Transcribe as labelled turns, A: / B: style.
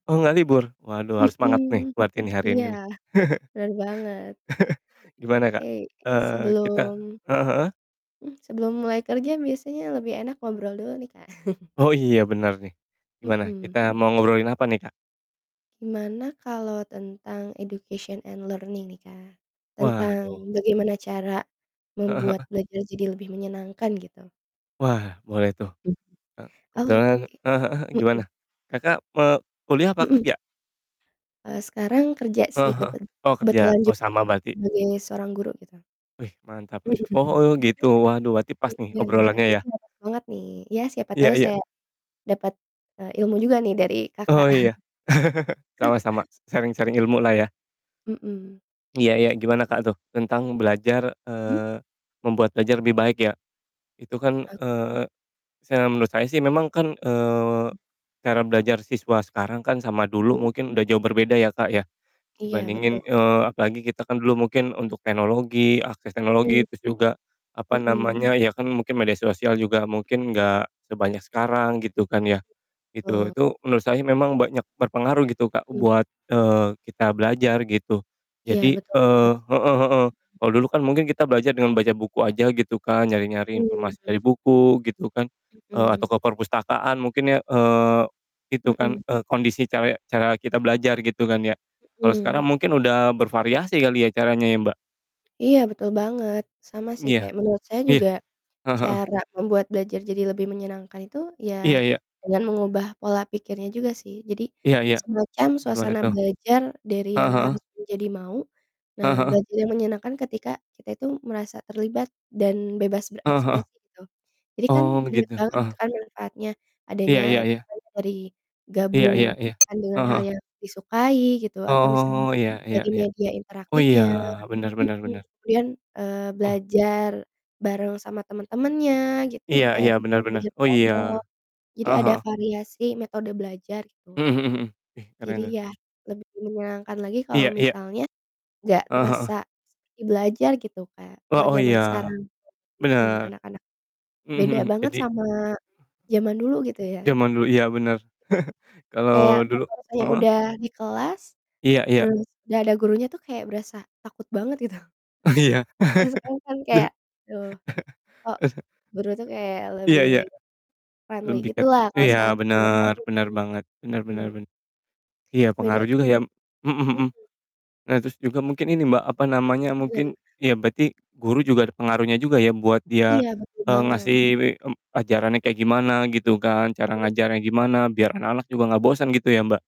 A: Oh, nggak libur? Waduh, harus semangat nih
B: Mhm,
A: buat ini hari ini
B: iya,
A: nih
B: bener banget.
A: gimana, Kak,
B: Iya,
A: eee, kita
B: sebelum
A: heeh heeh?
B: Mhm, sebelum mulai kerja biasanya lebih enak ngobrol dulu nih, Kak.
A: Oh, iya bener nih, gimana
B: Mhm.
A: kita mau ngobrolin apa nih, Kak?
B: Gimana kalau tentang education and learning nih, Kak? Tentang
A: Waduh.
B: bagaimana cara
A: Heeh heeh.
B: membuat belajar jadi lebih menyenangkan gitu.
A: Wah, boleh tuh,
B: Hmm,
A: eee,
B: oke,
A: kebetulan heeh heeh, gimana?
B: mhm.
A: Kakak, eee, kuliah apa
B: Mhm.
A: kerja?
B: Eee, sekarang kerja sih
A: Heeh heeh,
B: kebet
A: oh kerja,
B: kebetulan
A: oh
B: juga
A: sama berarti.
B: sebagai seorang guru gitu.
A: Wih, mantap mantap. Oh gitu, waduh berarti pas nih
B: Iya nah,
A: obrolannya ya.
B: bener banget nih, ya siapa
A: Iya
B: tau
A: iya.
B: saya dapet, eee, ilmu juga nih dari,
A: Oh,
B: Kakak.
A: iya sama sama, s sharing-sharing ilmu lah ya.
B: Mhm.
A: Iya iya, gimana, Kak, tuh tentang belajar
B: Hmm?
A: eee, membuat belajar lebih baik ya. Itu kan,
B: Oke.
A: eee, se menurut saya sih memang kan, eee, cara belajar siswa sekarang kan sama dulu
B: Mhm.
A: mungkin udah jauh berbeda ya, Kak, ya
B: Iya, betul.
A: dibandingin eee, apalagi kita kan dulu mungkin untuk teknologi, akses
B: Mhm.
A: teknologi, terus juga, apa
B: Mhm.
A: namanya ya, kan mungkin media sosial juga
B: Mhm.
A: mungkin gak sebanyak sekarang gitu kan ya, gitu.
B: Betul.
A: Itu menurut saya memang banyak berpengaruh gitu, Kak,
B: Hmm.
A: buat, eee, kita belajar gitu.
B: Iya,
A: Jadi
B: betul banget
A: eee,
B: sih.
A: heeh heeh, kalau dulu kan mungkin kita belajar dengan baca buku aja gitu kan, nyari-nyari informasi dari
B: Mhm.
A: buku gitu kan, eee, atau
B: Mhm.
A: ke perpustakaan mungkin ya, eee, itu kan,
B: Mhm.
A: eee, kondisi caya cara kita belajar gitu kan ya. Kalo sekarang
B: Mhm.
A: mungkin udah bervariasi kali ya caranya ya, Mbak?
B: Iya betul banget, sama sih
A: Iya,
B: kayak menurut saya
A: iya,
B: juga
A: heeh heeh.
B: cara membuat belajar jadi lebih menyenangkan itu ya
A: Iya iya.
B: dengan mengubah pola pikirnya juga sih, jadi
A: Iya iya,
B: semacam
A: gimana
B: suasana
A: tuh?
B: belajar dari
A: Heeh
B: yang
A: heeh.
B: harus menjadi mau, nah
A: Heeh heeh.
B: belajar yang menyenangkan ketika kita itu merasa terlibat dan bebas
A: Heeh heeh.
B: berekspresi tuh. Jadi kan
A: Oh
B: banyak
A: begitu,
B: banget
A: heeh.
B: gitu kan manfaatnya adany
A: Iya iya iya.
B: misalnya dari
A: Iya iya iya,
B: gabungkan dengan
A: heeh
B: hal
A: heeh.
B: yang disukai gitu atau
A: Oh,
B: misalnya
A: iya iya.
B: dari media
A: Oh iya,
B: interaktifnya.
A: bener bener
B: Mhm,
A: bener.
B: kemudian, eee,
A: Oh.
B: belajar bareng sama temen-temennya gitu
A: Iya iya,
B: kayak
A: bener bener,
B: belajar
A: oh iya,
B: kelompok jadi
A: heeh
B: ada
A: heeh.
B: variasi metode belajar gitu,
A: Mhm mhm mhm, ih keren
B: jadi
A: tuh.
B: ya lebih menyenangkan lagi kalau
A: Iya iya.
B: misalnya nggak
A: Heeh heeh.
B: terasa seperti belajar gitu Kak, kalau
A: Wah, oh
B: zaman
A: iya,
B: sekarang. Mmm, mhm,
A: bener.
B: anak-anak
A: Mhm
B: beda
A: mhm,
B: banget
A: jadi
B: sama zaman dulu gitu ya.
A: jaman dulu iya bener. Kalau
B: Kayak
A: dulu
B: rasa-rasanya
A: heeh?
B: udah di kelas,
A: Iya iya.
B: terus gak ada gurunya tuh kayak berasa takut banget gitu,
A: Oh, iya. Jad
B: kalau sekarang kan kayak, duh kok guru tuh kayak
A: Iya
B: lebih
A: iya.
B: friendly
A: Lebih ke
B: gitu lah kalau
A: iya
B: sekarang kan biasa
A: bener,
B: aja guru
A: bener banget, bener
B: ya,
A: bener
B: hmm.
A: ben iya
B: Beda.
A: pengaruh juga ya mhm
B: Mhm.
A: mhm, nah terus juga mungkin ini, Mbak, apa
B: Mhm, iya
A: namanya mungkin
B: gimana?
A: iya berarti guru juga ada pengaruhnya juga ya buat dia,
B: Iya, betul
A: eee,
B: banget.
A: ngasih, mmm, ajarannya kayak
B: Mmm,
A: gimana gitu kan, cara
B: iya.
A: ngajarnya gimana biar anak-anak juga gak bosan gitu ya, Mbak?